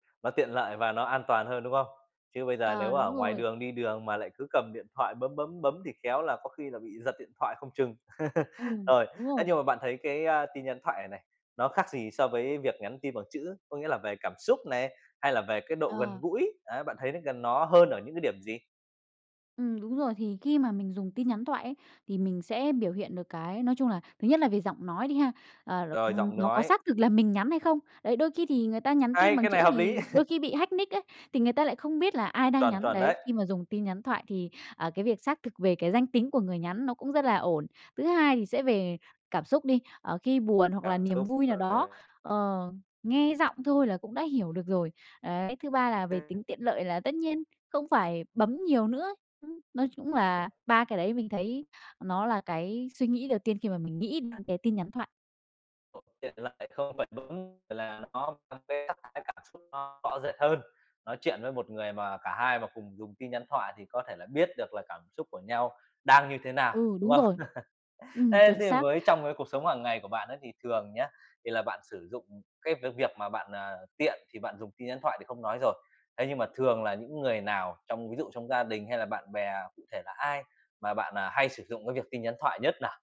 Nó tiện lợi và nó an toàn hơn, đúng không? Chứ bây giờ nếu À, mà ở đúng ngoài rồi. đường, đi đường mà lại cứ cầm điện thoại bấm, bấm, bấm thì khéo là có khi là bị giật điện thoại không chừng. Ừm, Rồi, đúng ấy, rồi. nhưng mà bạn thấy cái, a, tin nhắn thoại này này, nó khác gì so với việc nhắn tin bằng chữ, có nghĩa là về cảm xúc này, hay là về cái độ gần Ờ. gũi, á, bạn thấy nó gần nó hơn ở những cái điểm gì? Ừm, đúng rồi, thì khi mà mình dùng tin nhắn thoại ấy, thì mình sẽ biểu hiện được cái, nói chung là, thứ nhất là về giọng nói đi ha, ờ, r Rồi, n giọng nó có nói. xác thực là mình nhắn hay không. Đấy, đôi khi thì người ta nhắn tin Hay! bằng Cái chữ này hợp lý. thì đôi khi bị hack nick ấy, thì người ta lại không biết là ai đang Chuẩn, nhắn, chuẩn đấy, đấy. khi mà dùng tin nhắn thoại thì, ờ, cái việc xác thực về cái danh tính của người nhắn nó cũng rất là ổn. Thứ hai thì sẽ về cảm xúc đi, ờ, khi buồn hoặc là Cảm niềm xúc, vui nào đó, ờ. ờ, nghe giọng thôi là cũng đã hiểu được rồi, đấy. Thứ ba là về tính tiện lợi là tất nhiên không phải bấm nhiều nữa. Ừm, nói chung là ba cái đấy mình thấy, ờ, nó là cái suy nghĩ đầu tiên khi mà mình nghĩ [unintelligible] cái tin nhắn thoại. Ồ, tiện lợi, không phải bấm, và là nó có cái sắc thái cảm xúc nó rõ rệt hơn. Nói chuyện với một người mà cả hai mà cùng dùng tin nhắn thoại thì có thể là biết được là cảm xúc của nhau đang như thế nào, Ừ, đúng đúng không? rồi. Ừm, Thế chuẩn thì xác. với trong cái cuộc sống hàng ngày của bạn ấy thì thường nhá, thì là bạn sử dụng ừm, cái v việc mà bạn, à, tiện thì bạn dùng tin nhắn thoại thì không nói rồi, ấy, nhưng mà thường là những người nào trong, ví dụ trong gia đình hay là bạn bè, cụ thể là ai mà bạn, à, hay sử dụng cái việc tin nhắn thoại nhất nào?